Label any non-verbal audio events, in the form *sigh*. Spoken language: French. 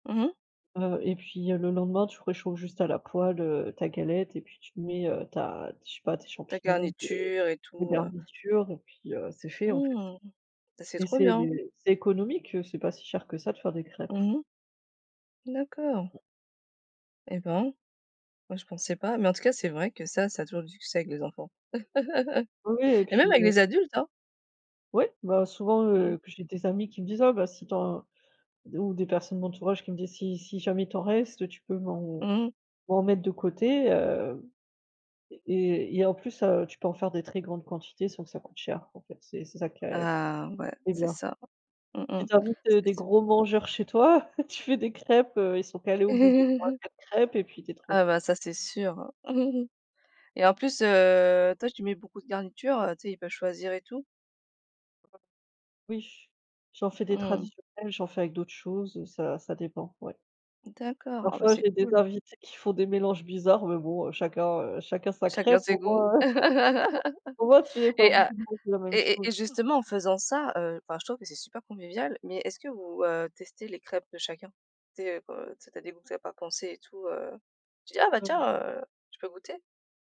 Mmh mh. Heu et puis, heu, le lendemain, tu réchauffes juste à la poêle, heu, ta galette et puis tu te mets, heu, ta je sais pas, tes Ta champignons, tes garniture et tes tout, heu garnitures et puis heu, c'est fait, en fait. Mmh mh, bah, c'est Et trop c'est bien. c'est économique, heu, c'est pas si cher que ça, de faire des crêpes. Mmh mh. D'accord. Eh, ben! Moi, je pensais pas, mais en tout cas, c'est vrai que ça ça a toujours du succès avec les enfants Oui, oui et *chuckles* et puis même avec heu les adultes, hein? Ouais. Bah, souvent, Mmh mh. heu, que j'ai des amis qui me disent: «Ah, bah, si tu en» d ou des personnes de l'entourage qui me disent: «Si si jamais, il t'en reste, heu, tu peux m'en Mmh mh. m'en mettre, de côté?» hem, et et il y a en plus, heu, tu peux en faire des très grandes quantités sans que ça coûte cher, en fait. C'est c'est ça qui a qui Ah, ouais, est c'est bien. ça. Mmh mh. Si tu invites, heu, des C'est sû gros mangeurs chez toi, *chuckles* tu fais des crêpes, heu, ils sont calés au bout de *chuckles* 3-4 crêpes et puis tu es Ah, tranquille. bah, ça, c'est sûr *chuckles* et en plus, heu, toi, tu mets beaucoup de garnitures, heu, tu sais, ils peuvent choisir et tout? *unintelligible* Oui, j'en fais des Mmh mh. traditionnelles. J'en fais avec d'autres choses, heu, ça ça dépend, ouais. D'accord. Ah, bah, Parfois, c'est j'ai des cool. invités qui font des mélanges bizarres mais bon, heu, chacun, heu, chacun, sa Chacun crêpe, ses au goûts? moins, heu *chuckles* au moins, tu mets *laughs* pas Eh! pour tout Heu le monde, la même et chose. et et justement, en faisant ça, heu, enfin, je trouve que c'est super convivial mais est-ce que vous, heu, testez les crêpes de chacun? Tu sais, heu, co tu sais tu as des goûts que tu avais pas pensé et tout, heu. Tu dis: «Ah, bah, tiens, *unintelligible* heu, je peux goûter?»